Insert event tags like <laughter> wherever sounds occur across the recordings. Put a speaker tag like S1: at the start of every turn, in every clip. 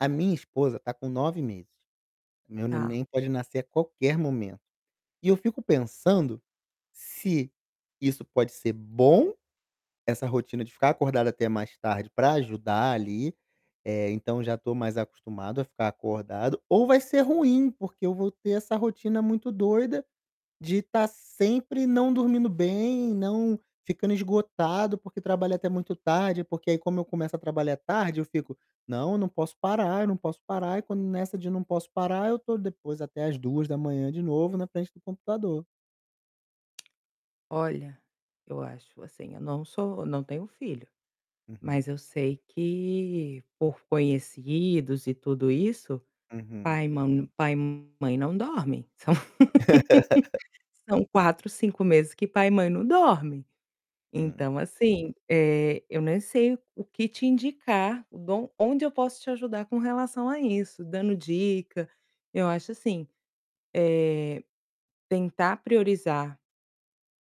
S1: A minha esposa está com 9 meses, meu
S2: Tá.
S1: neném pode nascer a qualquer momento, e eu fico pensando, se isso pode ser bom, essa rotina de ficar acordado até mais tarde para ajudar ali, eh, então já estou mais acostumado a ficar acordado, ou vai ser ruim, porque eu vou ter essa rotina muito doida, de tá sempre não dormindo bem, não ficando esgotado, porque trabalho até muito tarde, porque aí como eu começo a trabalhar tarde eu fico: "Não, não posso parar, eu não posso parar", e quando nessa de: "Não posso parar", eu tô depois até às 2:00 de novo na frente do computador.
S2: Olha, eu acho assim, eu não sou eu não tenho filho,
S1: Uhum.
S2: mas eu sei que por conhecidos e tudo isso,
S1: Uhum.
S2: pai e mã pai e mãe não dormem, são
S1: <laughs>
S2: <laughs> são 4, 5 meses que pai e mãe não dormem.
S1: Hum.
S2: Então, assim, eh, eu nem sei o o que te indicar, bom, onde eu posso te ajudar com relação a isso, dando dica. Eu acho assim, eh, tentar priorizar,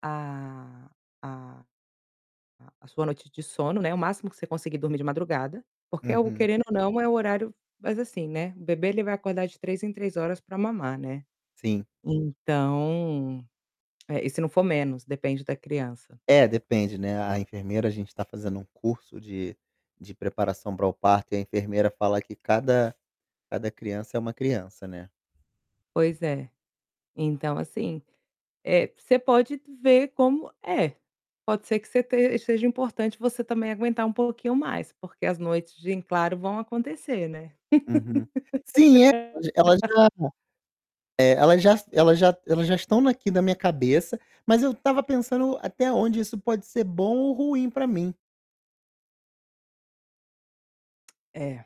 S2: a a a a sua noite de sono, né, o máximo que você conseguir dormir de madrugada, porque é algo
S1: Uhum.
S2: querendo ou não, é o horário mas, assim, né o bebê ele vai acordar de 3 em 3 horas para mamar, né.
S1: Sim.
S2: Então eh, e se não for menos, depende da criança.
S1: É, depende, né, a enfermeira a gente tá fazendo um curso de de preparação para o parto e a enfermeira fala que cada cada criança é uma criança, né.
S2: Pois é, então, assim, eh, você pode ver como é. Pode ser que você te seja importante você também aguentar um pouquinho mais, porque as noites de em claro vão acontecer, né.
S1: Uhum. Sim, ela ela já
S2: <laughs>
S1: eh, ela já ela já elas já estão aqui da minha cabeça, mas eu estava pensando até onde isso pode ser bom ou ruim para mim.
S2: É.